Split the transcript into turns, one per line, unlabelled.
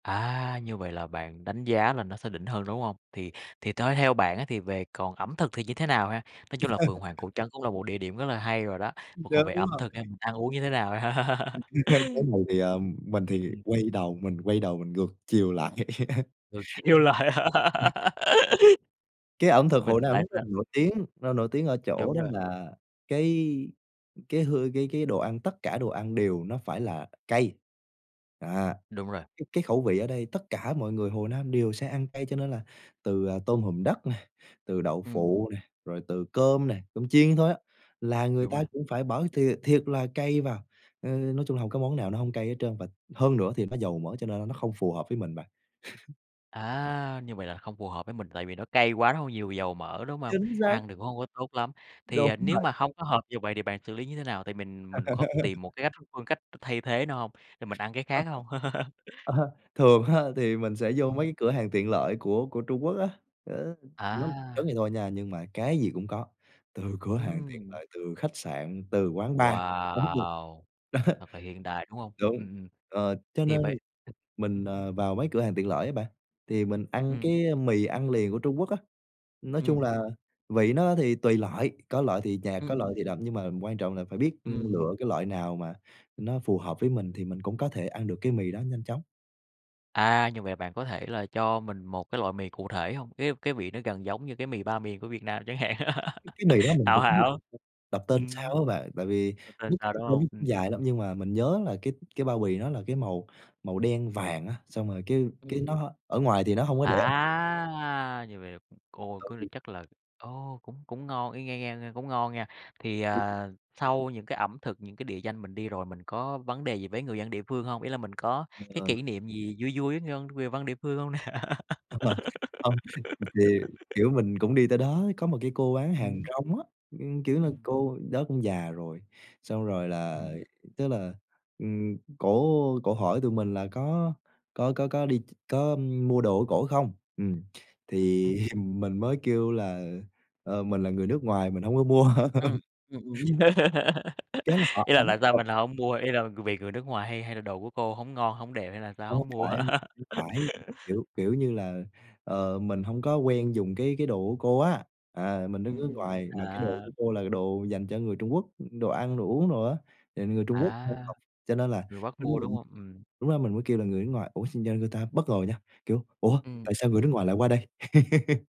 À. Như vậy là bạn đánh giá là nó sẽ đỉnh hơn, đúng hông? Thì thì thế theo bạn á thì về còn ẩm thực thì như thế nào ha? Nói chung là Phượng Hoàng Cổ Trấn cũng là một địa điểm rất là hay rồi đó,
Đúng
mà còn về ẩm
rồi.
thực em mình ăn uống như thế nào.
Cái này thì, à, mình thì
Ừm.
quay đầu, mình quay đầu mình ngược chiều lại.
Rồi kêu lại
Cái ẩm thực Hồ
Mình
Nam
tại
nó rất
sao
là
ưm,
nổi
ừm.
tiếng, nó nổi tiếng ở chỗ
Đúng
đó
rồi.
là cái cái hư cái cái đồ ăn, tất cả đồ ăn đều nó phải là cay. À!
Đúng rồi.
Cái cái khẩu vị ở đây tất cả mọi người Hồ Nam đều sẽ ăn cay, cho nên là từ, à, tôm hùm đất nè, từ đậu
Ừm.
phụ nè, rồi từ cơm nè, cơm chiên thôi á, là người
Đúng
ta
rồi.
cũng phải bỏ thiệt thiệt là cay vào, ờ, nói chung hổng có món nào nó hông cay hết trơn, và hơn nữa thì nó dầu mỡ, cho nên nó không phù hợp với mình bạn.
À, như vậy là không phù hợp với mình, tại vì nó cay quá nó hơi nhiều dầu mỡ, đúng hông?
Chính xác.
Ăn thì cũng hông có tốt lắm. Thì,
Đúng
ờ, nếu
rồi.
mà hông có hợp như vậy thì bạn xử lý như thế nào? Tại mình mình có tìm một cái cách th phương cách thay thế nào hông? Thì mình ăn cái
À
khác
há.
hông?
À ha, thường ha thì mình sẽ vô
Ừm.
mấy cái cửa hàng tiện lợi của của Trung Quốc á, ơ, [unintelligible] giống vậy
À!
thôi nha, nhưng mà cái gì cũng có, từ cửa hàng tiện
Ừm.
lợi, từ khách sạn, từ quán bar [unintelligible]
Wow.
đó.
Thật là hiện đại, đúng hông?
Đúng.
Ừm, ừm.
Ờ, cho
Thì vậy
nên
ừm
mình,
hưm.
ờ, vào mấy cửa hàng tiện lợi á bạn, thì mình ăn
Ừm.
cái, a, mì ăn liền của Trung Quốc á, nói chung
Ừm.
là à vị nó thì tùy loại, có loại thì nhạt,
Ừm,
có loại
ừm.
thì đậm nhưng mà quan trọng là phải biết
Ừm.
lựa cái loại nào mà nó phù hợp với mình thì mình cũng có thể ăn được cái mì đó nhanh chóng.
À, như vậy bạn có thể là cho mình một cái loại mì cụ thể hông? Cái cái vị nó gần giống như cái mì Ba Miền của Việt Nam chẳng hạn
Cái mì đó mình
Hảo
cũng
Hảo.
đọc tên sao
Ừm.
á bạn, tại vì
Rồi tên
tên
sao đúng
nó cũng
hông? Ừm.
dài lắm, nhưng mà mình nhớ là cái cái bao bì nó là cái màu màu đen vàng á, xong rồi cái cái
Ừm.
nó ở ngoài thì nó hông có để.
À, như vậy là cũng, ô, cứ là
Ừ.
chắc là, ô, cũng cũng ngon y nghe nghe nghe cũng ngon nha. Thì,
Ừm.
ờ, sau những cái ẩm thực, những cái địa danh mình đi rồi mình có vấn đề gì với người dân địa phương hông? Ý là mình có cái
Ờ.
kỷ niệm gì vui vui người văn người văn địa phương hông nè?
Thật là hông, thì kiểu, mình cũng đi tới đó, có một cái cô bán hàng
Ừm.
rong á, ưm, kiểu nà,
Ừm.
cô đó cũng già rồi, xong rồi là
Ừm.
tức là, ừm, cổ cổ hỏi tụi mình là có có có có đi ch có mua đồ của cổ không? Ừm, thì
Ừm.
mình mới kêu là, ờ, mình là người nước ngoài mình hông có mua.
Ừm, ừm, ừm.
Cái là họ
Ý là
ấn
tại sao
thôi.
mình là hổng mua? Ý là c vì người nước ngoài hay hay là đồ của cô hổng ngon, hổng đẹp hay là sao
Hông có
hổng mua?
phải, phải, kiểu, kiểu như là, ờ, mình hông có quen dùng cái cái đồ của cô á. À, mình đang
Ừm,
nước
ừm.
ngoài mà cái đồ
À.
của cô là đồ dành cho người Trung Quốc, đồ ăn đồ uống đồ á, thì người Trung Quốc h
À!
học cho nên là
Người Bắc
tính là
mua, đúng
mình
hông? Ừm.
lúc đó mình mới kêu là người nước ngoài, ủa, xong ra người ta bất ngờ nha, kiểu, "Ủa,
Ừm.
tại sao người nước ngoài lại qua đây?"